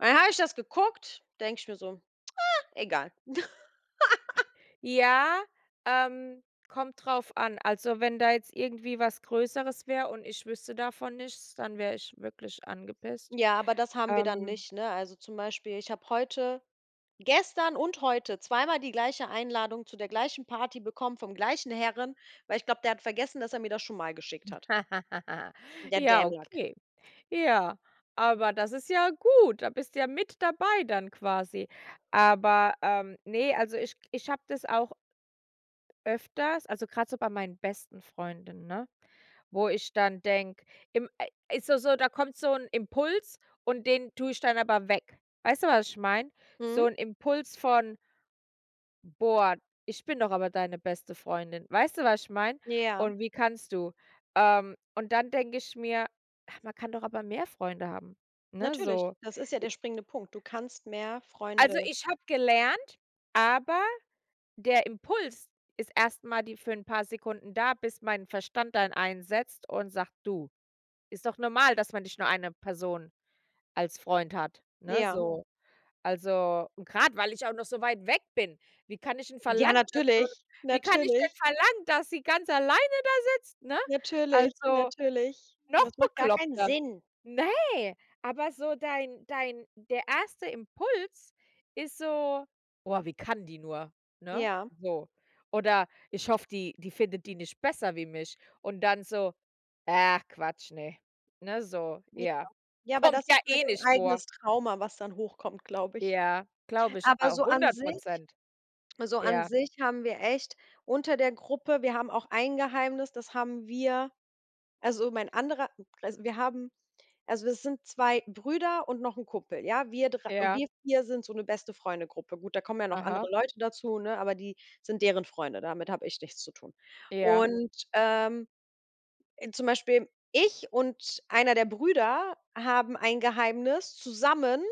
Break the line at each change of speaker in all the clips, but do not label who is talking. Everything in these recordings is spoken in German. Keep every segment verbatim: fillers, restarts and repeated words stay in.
Und dann habe ich das geguckt, denke ich mir so: „Ah, egal.“
Ja, ähm, kommt drauf an. Also, wenn da jetzt irgendwie was Größeres wäre und ich wüsste davon nichts, dann wäre ich wirklich angepisst.
Ja, aber das haben wir dann
Ähm
nicht, ne? Also, zum Beispiel, ich habe heute gestern und heute zweimal die gleiche Einladung zu der gleichen Party bekommen vom gleichen Herren, weil ich glaube, der hat vergessen, dass er mir das schon mal geschickt hat. Der
Ja,
Dämlack.
okay. Ja, aber das ist ja gut. Da bist du ja mit dabei dann quasi. Aber, ähm, ne, also ich ich habe das auch öfters. Also, grad so bei meinen besten Freundinnen, ne? Wo ich dann denke, im ai ist doch so, da kommt so 'n Impuls und den tue ich dann aber weg. Weißt du, was ich meine?
Mhm.
So'n Impuls von boah, ich bin doch aber deine beste Freundin. Weißt du, was ich meine?
Ja.
Und wie kannst du? Ähm, und dann denke ich mir: „Ach, man kann doch aber mehr Freunde haben“, ne,
Natürlich,
so,
das ist ja
i
der springende Punkt. Du kannst mehr
Also,
Freunde
ich habe gelernt aber der Impuls ist erstmal die für 'n paar Sekunden da, bis mein Verstand dann einsetzt und sagt: „Du, ist doch normal, dass man nicht nur eine Person als Freund hat“, ne,
Ja.
so. Also, und grade, weil ich auch noch so weit weg bin, wie kann ich 'n
Ja,
verlangen, dass du
natürlich,
wie kann ich denn
natürlich.
verlangen, dass sie ganz alleine da sitzt, ne?
Natürlich,
Also,
natürlich.
noch
Das macht gar keinen
bekloppter.
Sinn.
Ne, aber so dein dein der erste Impuls ist so: „Boah, wie kann die nur?“, ne?
Ja.
So. Oder ich hoffe, die die findet die nicht besser wie mich. Und dann so: „Ach Quatsch, ne“, ne, so,
Ja.
ja.
Ja, aber
Kommt
das
ja
ist halt
eh
ein
nicht vor.
eigenes Trauma, was dann hochkommt, glaube ich.
Ja, glaube ich
Aber
auch
so an
hundert
sich
Prozent.
so an
Ja.
sich haben wir echt unter der Gruppe wir haben auch ein Geheimnis, das haben wir also mein anderer also, wir haben also, das sind zwei Brüder und noch 'n Kumpel, ja? Wir dre
Ja.
wir vier sind so 'ne Beste-Freunde-Gruppe. Gut, da kommen ja noch andere
Aha.
Leute dazu, ne, aber die sind deren Freunde, damit habe ich nichts zu tun.
Ja.
Und, ähm, äh, zum Beispiel ich und einer der Brüder haben ein Geheimnis zusammen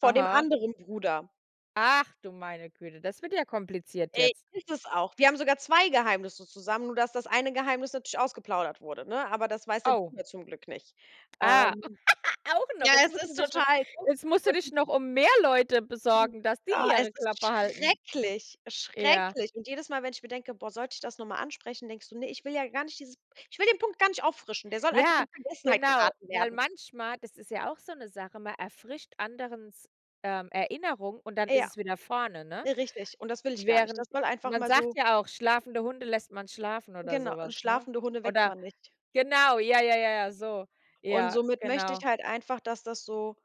vor dem
Aha.
anderen Bruder.
Ach, du meine Güte, das wird ja kompliziert
Ey,
jetzt.
ist es auch. Wir haben sogar zwei Geheimnisse zusammen, nur dass das eine Geheimnis natürlich ausgeplaudert wurde, ne? Aber das weiß der
Oh.
Bruder zum Glück nicht.
Ah,
Ähm.
auch noch.
Ja,
Jetzt
es
musst du
ist
dich noch
total doof
jetzt musst du
und
dich noch um mehr Leute
Mhm.
besorgen, dass die
Oh, es
ihre
ist
Klappe halten.
schrecklich,
Ja.
schrecklich. Und jedes Mal, wenn ich mir denke: „Boah, sollte ich das noch mal ansprechen?“, denkst du: „Ne, ich will ja gar nicht dieses ich will den Punkt gar nicht auffrischen. Der soll einfach
Ja,
in Vergessenheit
genau,
geraten
weil
werden.“
manchmal das ist ja auch so 'ne Sache, man erfrischt anderen s ähm, Erinnerung und dann ist
Ja,
es wieder vorne, ne?
richtig. Und das will ich gar nicht. Das
Während
soll mal einfach
man
mal
sagt
so
ja auch, schlafende Hunde lässt man schlafen oder
Genau,
so was, ne?
schlafende Hunde weckt
Oder
man nicht.
genau, ja, ja, ja, ja, so.
Und
Ja,
somit möchte ich
genau.
halt einfach, dass das so